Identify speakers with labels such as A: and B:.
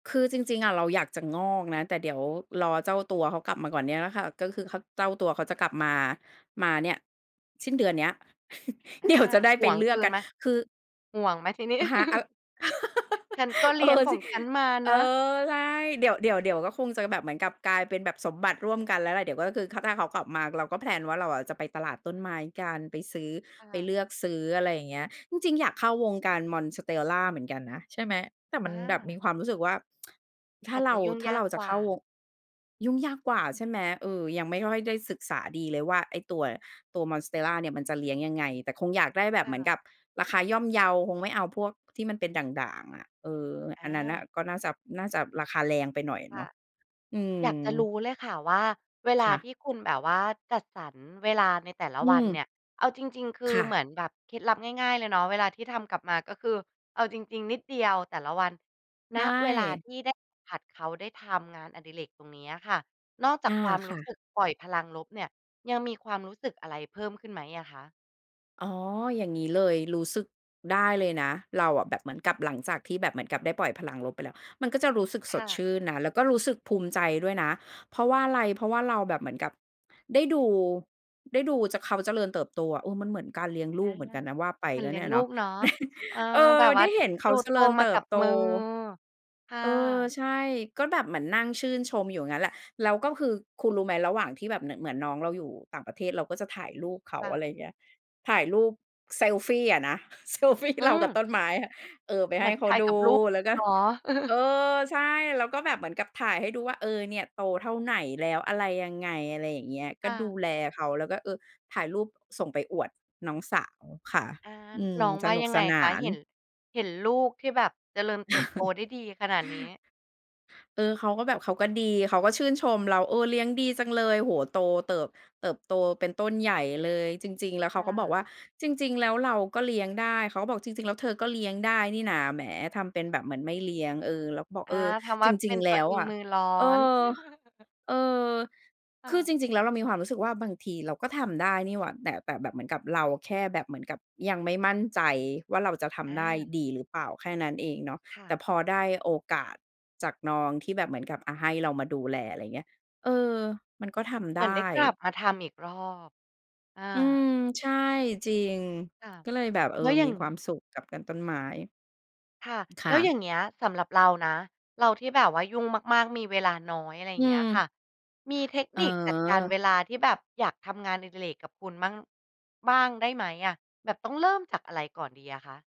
A: คือจริง ๆ อะเราอยากจะงอกนะ แต่เดี๋ยวรอเจ้าตัวเขากลับมาก่อนเนี่ยแหละค่ะ ก็คือ ข เจ้าตัวเขาจะกลับมา มาเนี่ยสิ้นเดือนเนี้ย
B: อ
A: เ
B: า
A: ดี๋ยว จะได้
B: ห
A: ไป
B: ่วง
A: เลื
B: ค
A: อก
B: ื
A: กั
B: น
A: น
B: ไหม
A: คือ
B: ห่วงไหมทีนี้?
A: ฮะ อ
B: ฉันก็เ
A: เ
B: ล
A: อ
B: ี้ยง
A: อ
B: ข
A: จ
B: อ
A: ิ
B: งฉันมา
A: เ
B: น
A: อ
B: ะ
A: อ ใช่ เดี๋ยว เดี๋ยว เดี๋ยวก็คงจะแบบเหมือนกับกลายเป็นแบบสมบัติร่วมกันแล้วแหละ เดี๋ยวก็คือ ค ถ้าเขากลับมา เราก็ แพลน ว่าเราอะจะไปตลาดต้นไม้กัน ไปซื้อ
B: ค
A: ไป
B: ่ะ
A: เลือกซื้อ อะไรอย่างเงี้ย จริง ๆ อยากเข้าวงการ Monstera เหมือนกันนะ ใช่ไหม แต่มั
B: อ
A: นแบบมี
B: า
A: ความรู้สึกว่า ถ้า
B: อาจ
A: เร
B: จ
A: า
B: ะยุ่ง
A: ถ้
B: ย
A: า
B: า
A: เร
B: ก
A: าจ
B: ก
A: ะ
B: ว
A: เ
B: ่
A: ข้
B: า
A: าวง ยุ่งยากกว่า ใช่ไหม เออ ยังไม่ค่อยได้ศึกษาดีเลยว่า ไอ้ตัว ตัว Monstera เนี่ยมันจะเลี้ยงยังไง แต่คงอยากได้แบ
B: ค
A: บเ
B: ่
A: หมือนก
B: ะ
A: ับราคาย่อมเยา คงไม่เอาพวกที่มันเป็นด่าง ๆ อะ เออ
B: อ
A: อันนั้นน่ะ
B: า
A: ก็น่าจะ น่าจะราคาแรงไปหน่อย
B: ค
A: เน
B: ่ะ
A: าะ อื
B: อยากจะร
A: ม
B: ู้เลยค่ะ ว่าเวล
A: ค
B: า
A: ่ะ
B: ที่คุณแบบว่าจัดสรรเวลาในแต่ละ
A: อื
B: วันเน
A: ม
B: ี่ย เอาจริง ๆ คื
A: ค
B: อ
A: ่
B: เ
A: ะ
B: หมือนแบบเคล็ดลับง่าย ๆ เลยเนาะ เวลาที่ทำกลับมา ก็คือเอาจริง ๆ นิดเดียวแต่ละวัน
A: ใช
B: ณ เวลา
A: ่
B: ที่ได้สัมผัสเขา ได้ทำงานอดิเรกตรงนี้ค่ะ นอกจ
A: อ
B: า
A: า
B: กความ
A: ค
B: ร
A: ่
B: ู้ส
A: ะ
B: ึกปล่อยพลังลบเนี่ย ยังมีความรู้สึกอะไรเพิ่มขึ้นไหมอะคะ?
A: อ๋อ อย่างงี้เลย รู้สึกได้เลยนะ เราอะแบบเหมือนกับหลังจากที่แบบเหมือนกับได้ปล่อยพลังลบไปแล้วมันก็จะรู้สึก
B: ค
A: สด
B: ่
A: ช
B: ะ
A: ื่นนะ แล้วก็รู้สึกภูมิใจด้วยนะ เพราะว่าอะไร เพราะว่าเราแบบเหมือนกับได้ดู ได้ดูจะ เขาเจริญเติบโตอะ เออ มันเหมือนการเลี้ยงล
B: อ
A: ู
B: า
A: กเหมือนกันนะ ว่าไป
B: เหมือ
A: ก
B: น
A: ็
B: เลี
A: เ
B: ้
A: น
B: ย
A: ี่
B: ง
A: ย
B: ลู
A: เนาะ
B: กเนาะ เออ
A: เอ
B: แบ
A: อ
B: บว
A: ไ
B: ่
A: ด
B: า
A: ้เห็นเข
B: ด
A: า
B: ู
A: เจ
B: โต
A: ริญ
B: ม
A: เ
B: า
A: ต
B: ก
A: ิ
B: ั
A: บ
B: บ
A: โต
B: มือ ค่
A: เออ
B: ะ
A: ใช่ ก็แบบเหมือนนั่งชื่นชมอยู่งั้นแหละ แล้วก็คือ คุณรู้ไหมระหว่างที่แบบเหมือน เหมือนน้องเราอยู่ต่างประเทศ เราก็จะถ่ายรูปเข
B: ค
A: า
B: ่
A: อะ
B: ะ
A: ไรเงี้ย ถ่ายรูปเซลฟีอะนะ เซลฟี
B: อื
A: เรากับ
B: อ
A: ต้นไม้ เออ ไป
B: เห
A: ให
B: ม
A: ้
B: ือน
A: เข
B: ถ
A: า
B: ่าย
A: ด
B: กั
A: ู
B: บลูก
A: แล
B: เ
A: ้
B: ล
A: วก
B: ย
A: ็
B: เนาะ
A: เออ ใช่ แล้วก็แบบเหมือนกับถ่ายให้ดูว่า เออ เนี่ยโตเท่าไหนแล้ว อะไรยังไง อะไรอย่างเงี้ย ก
B: ค
A: ็
B: ่
A: ดู
B: ะ
A: แลเขา แล้วก็ เออ ถ่ายรูปส่งไปอวดน้องสาวค่ะ
B: อา
A: อืม
B: น้อง
A: ส
B: ว่า
A: นุก
B: ยัง
A: ส
B: ไง
A: น
B: ค
A: า
B: ะ
A: น
B: เห็น เห็นลูกที่แบบเจริญเติบโตได้ดีขนาดนี้?
A: เออ เขาก็แบบ เขาก็ดี เขาก็ชื่นชมเรา "เออ เลี้ยงดีจังเลย โอ้โฮ โตเติบ เติบโตเป็นต้นใหญ่เลย" จริง ๆ แล้วเ
B: ค
A: ข
B: ่
A: าก็บอก
B: ะ
A: ว่า "จริง ๆ แล้วเราก็เลี้ยงได้" เขาก็บอก "จริง ๆ แล้ว เธอก็เลี้ยงได้นี่นา แหม ทำเป็นแบบเหมือนไม่เลี้ยง" เออ เราก็บอก
B: อ
A: "เ
B: า
A: ออ
B: ทำว
A: จ
B: ่า
A: ร
B: เ
A: ิ
B: ป็
A: ง
B: น
A: ๆ แล
B: ตั
A: ้
B: ว
A: ว
B: เอง
A: อะ"
B: มือร้อ
A: เอ
B: น
A: อ เออ
B: ค
A: ค
B: ่
A: ือ
B: ะ
A: จริง ๆ แล้วเรามีความรู้สึกว่าบางทีเราก็ทำได้นี่หว่า แต่ แต่แบบเหมือนกับเราแค่แบบเหมือนกับยังไม่มั่นใจว่าเราจะท
B: อ
A: ำได้
B: า
A: ดีหรือเปล่า แค่นั้นเองเนาะ
B: ค่
A: แต
B: ะ
A: ่พอได้โอกาสจากน้อง ที่แบบเหมือนกับ อา ให้เรามาดูแล อะไรเงี้ย เออ มันก็ทำ
B: เห
A: ไ
B: ม
A: ด
B: ือนได้
A: ้
B: กลับมาทำอีกรอบ อ
A: อืม
B: า
A: ใช่ จริง
B: ค่ะ
A: ก็เลยแบบ เออ
B: แล้วอย่
A: ม
B: า
A: ี
B: ง
A: ความสุขกับกันต้นไม้
B: ค่ะ
A: อ ค
B: แ
A: ่
B: ล้วอย
A: ะ
B: ่างเนี้ยสำหรับเรานะ เราที่แบบว่ายุ่งมาก ๆ มีเวลาน้อย อะไร
A: อื
B: เงี้ยค
A: ม
B: ่ะ มีเทค
A: อ๋
B: นิคจัดการ
A: อ
B: เวลาที่แบบอยากทำงานอดิเรกกับคุณบ้าง บ้างได้ไหมอะ แบบต้องเริ่มจากอะไรก่อนดีอะคะ?